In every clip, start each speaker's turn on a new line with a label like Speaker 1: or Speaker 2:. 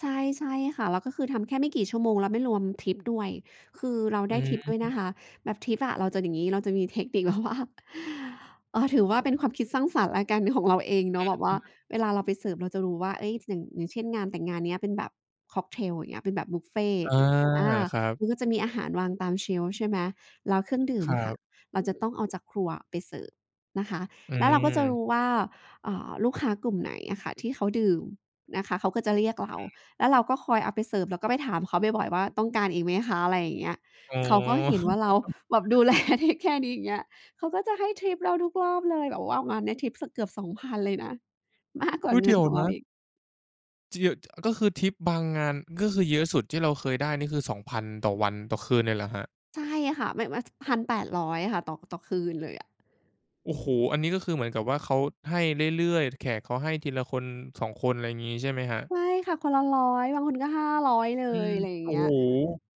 Speaker 1: ใช่ ใช่ค่ะ แล้วก็คือทำแค่ไม่กี่ชั่วโมง แล้วไม่รวมทิปด้วย คือเรา
Speaker 2: อ
Speaker 1: ไ
Speaker 2: ื
Speaker 1: ด้
Speaker 2: อฮ
Speaker 1: ทิปด้วยน
Speaker 2: ึ
Speaker 1: ะคะ แบบทิปอะเราจะอย่างงี้ เราจะมีเทคนิค แบบว่า เออ ถือว่าเป็นความคิดสร้างสรรค์แล้วกันของเราเองเนาะแบบว
Speaker 2: อ
Speaker 1: ่
Speaker 2: ื
Speaker 1: า
Speaker 2: อ ๆ
Speaker 1: เวลาเราไปเสิร์ฟเราจะรู้ว่า เอ๊ย ช อย่าง อย่างเช่น งานแต่งงานเนี้ยเป็นแบบค็อกเทล อย่างเงี้ย เป็นแบบบุฟเฟ
Speaker 2: อ
Speaker 1: ต
Speaker 2: า
Speaker 1: ์ อา
Speaker 2: ครับ
Speaker 1: มันก็จะมีอาหารวางตาม เชลฟ์ ใช่ไหม แล้วเครื่องดื่
Speaker 2: ค
Speaker 1: ม
Speaker 2: รั
Speaker 1: อะค่ะ
Speaker 2: บ
Speaker 1: เราจะต้องเอาจากครัวอะไปเสิร์ฟนะคะ
Speaker 2: อื
Speaker 1: แล้วเราก็จะร
Speaker 2: ม
Speaker 1: ู้ว่า อ่า ลูกค้ากลุ่มไหนอะค่ะที่เขาดื่มนะคะ เขาก็จะเรียกเรา
Speaker 2: อือ
Speaker 1: แล้วเราก็คอยเอาไปเสิร์ฟ เราก็ไปถามเขาบ่อย ๆ ว่า "ต้องการอีกไหมคะ?" อะไรอย่างเงี้ย
Speaker 2: อ๋
Speaker 1: เขา
Speaker 2: อ
Speaker 1: ก็เห็นว่าเราแบบดู แล เทกแคร์ดี อย่างเงี้ย เขาก็จะ ให้ทิปเราทุกรอบเลย แบบว่างานเนี้ยทิปสักเกือบ 2,000 เลยนะ มาก กว่
Speaker 2: อุ
Speaker 1: า
Speaker 2: ๊ย
Speaker 1: เ
Speaker 2: เ
Speaker 1: ง
Speaker 2: ด
Speaker 1: ิ
Speaker 2: ี๋
Speaker 1: น
Speaker 2: ยว
Speaker 1: ของเ
Speaker 2: น
Speaker 1: รา
Speaker 2: ะ
Speaker 1: อีก
Speaker 2: จ ก็คือทิปบางงาน ก็คือเยอะสุดที่เราเคยได้ นี่คือ 2,000 ต่อวัน ต่อคืน เลยเหรอครับ?
Speaker 1: ใช่ค่ะ มัน มันจะ 1,800 อะค่ะ ต่อ ต่อคืนเลยอะ
Speaker 2: โอ้โฮ อันนี้ก็คือเหมือนกับว่าเขาให้เรื่อย ๆ แขกเขาให้ทีละคน 2 คน อะไรงี้ใช่ไหมครับ?
Speaker 1: ใช่ค่ะ คนละ 100 บางคนก็ 500 เล
Speaker 2: อื
Speaker 1: ย
Speaker 2: ม
Speaker 1: อะไรอย่า
Speaker 2: โ
Speaker 1: ง
Speaker 2: อ
Speaker 1: เ
Speaker 2: ้
Speaker 1: งี้
Speaker 2: โ
Speaker 1: ย
Speaker 2: ฮ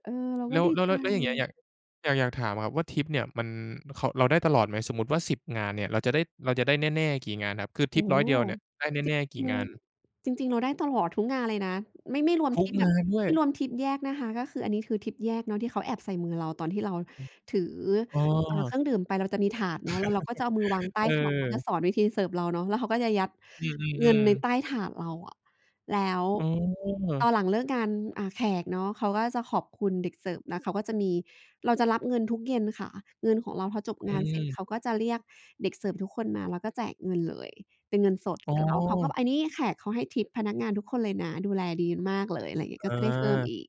Speaker 1: เออ เรา
Speaker 2: แล
Speaker 1: ก็
Speaker 2: ้ว
Speaker 1: ดี
Speaker 2: แล้ว
Speaker 1: ใจ
Speaker 2: แล้ว แล้วอย่างเงี้ย อยาก อยาก อยากถามครับว่าทิปเนี่ย มัน เขา เราได้ตลอดไหม สมมุติว่า 10 งานเนี่ย เราจะได้ เราจะได้แน่ ๆ กี่งานครับ คือ
Speaker 1: โ
Speaker 2: ท
Speaker 1: อ
Speaker 2: ิป
Speaker 1: ้โ
Speaker 2: ร้อยเดียวเนี่ยได้แน่ ๆ กี
Speaker 1: ฮ
Speaker 2: ่งาน?
Speaker 1: จริง ง จริง ๆ เราได้ตลอดทุกงานเลยนะ ไม่ ไม่รวม
Speaker 2: ท
Speaker 1: ท
Speaker 2: ุก
Speaker 1: ิปแบ
Speaker 2: ง
Speaker 1: บ
Speaker 2: านด้ว
Speaker 1: ไม
Speaker 2: ย
Speaker 1: ่รวมทิปแยกนะคะ ก็คืออันนี้คือทิปแยกเนาะ ที่เขาแอบใส่มือเราตอนที่เราถือ
Speaker 2: อ อ้
Speaker 1: อ่า เค
Speaker 2: อ
Speaker 1: รื่องดื่มไป เราจะมีถาดเนาะ แล้วเราก็จะเอามือวางใต้
Speaker 2: เ
Speaker 1: ถาด เขาจะ
Speaker 2: ออ
Speaker 1: สอนวิธีเสิร์ฟเราเนาะ แล้วเขาก็จะยัด
Speaker 2: อื
Speaker 1: เงิน
Speaker 2: อ
Speaker 1: ในใ
Speaker 2: ๆ ๆ
Speaker 1: ต้ถาดเราอะ แล้ว
Speaker 2: อ๋
Speaker 1: ต
Speaker 2: อ
Speaker 1: อนหลังเลิกงาน อ่า แขกเนาะ เขาก็จะขอบคุณเด็กเสิร์ฟ แล้วเขาก็จะมี เราจะรับเงินทุกเย็นค่ะ เงินของเรา พอจบ
Speaker 2: อ
Speaker 1: งานเสร็จเ
Speaker 2: ืม
Speaker 1: ขาก็จะเรียกเด็กเสิร์ฟทุกคนมาแล้วก็แจกเงินเลย เป็นเงินสด
Speaker 2: อ๋
Speaker 1: เส
Speaker 2: อ
Speaker 1: ร็จแล้วเขาก็ บ อันนี้แขกเขาให้ทิปพนักงานทุกคนเลยนะ ดูแลดีมากเลย อะไรอย่างเงี้ย ก็
Speaker 2: อ
Speaker 1: จะได้เพิ่ม
Speaker 2: า
Speaker 1: อีก